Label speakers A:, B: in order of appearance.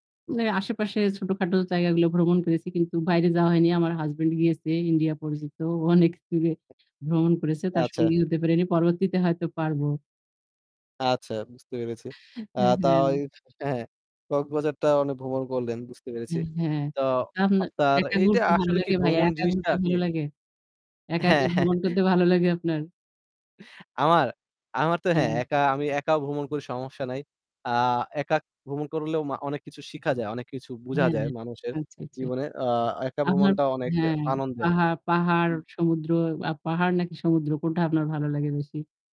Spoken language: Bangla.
A: মানে আশেপাশে ছোটখাটো জায়গাগুলো ভ্রমণ করেছি। কিন্তু বাইরে যাওয়া হয়নি। আমার হাসব্যান্ড গিয়েছে ইন্ডিয়া পরিচিত। ও অনেক দূরে ভ্রমণ করেছে। তার
B: আচ্ছা।
A: সঙ্গী হতে পারিনি। পরবর্তীতে হয়ত পারব।
B: আচ্ছা বুঝতে পেরেছি।
A: হুম,
B: আ তা
A: হুম।
B: ঐ হ্যাঁ কক্সবাজারটা উনি ভ্রমণ করলেন বুঝতে
A: আ
B: পেরেছি।
A: হ্যাঁ।
B: তো
A: তো আপনার
B: আপনার
A: একা
B: এইটা
A: ঘুরতে ভালো
B: আসলে কি
A: লাগে ভাইয়া?
B: ভ্রমণ
A: একা
B: জিনিসটা
A: ঘুরতে
B: কি?
A: ভালো লাগে? একা, একা
B: হ্যাঁ,
A: ভ্রমণ
B: হ্যাঁ।
A: করতে ভালো লাগে আপনার?
B: আমার? আমার তো হ্যাঁ,
A: হ্যাঁ।
B: একা, আমি একা ভ্রমণ করি সমস্যা নাই। আ একা ভ্রমণ করলেও ম অনেক কিছু শিখা যায়। অনেক কিছু বোঝা
A: হ্যাঁ,
B: যায়
A: হ্যাঁ।
B: মানুষের
A: আচ্ছা, আচ্ছা।
B: জীবনে। অ একা
A: আপনার
B: ভ্রমণটা অনেক
A: হ্যাঁ,
B: আনন্দের।
A: পাহাড় পাহাড়,
B: উম।
A: সমুদ্র আ পাহাড় নাকি সমুদ্র কোনটা আপনার ভালো লাগে বেশি?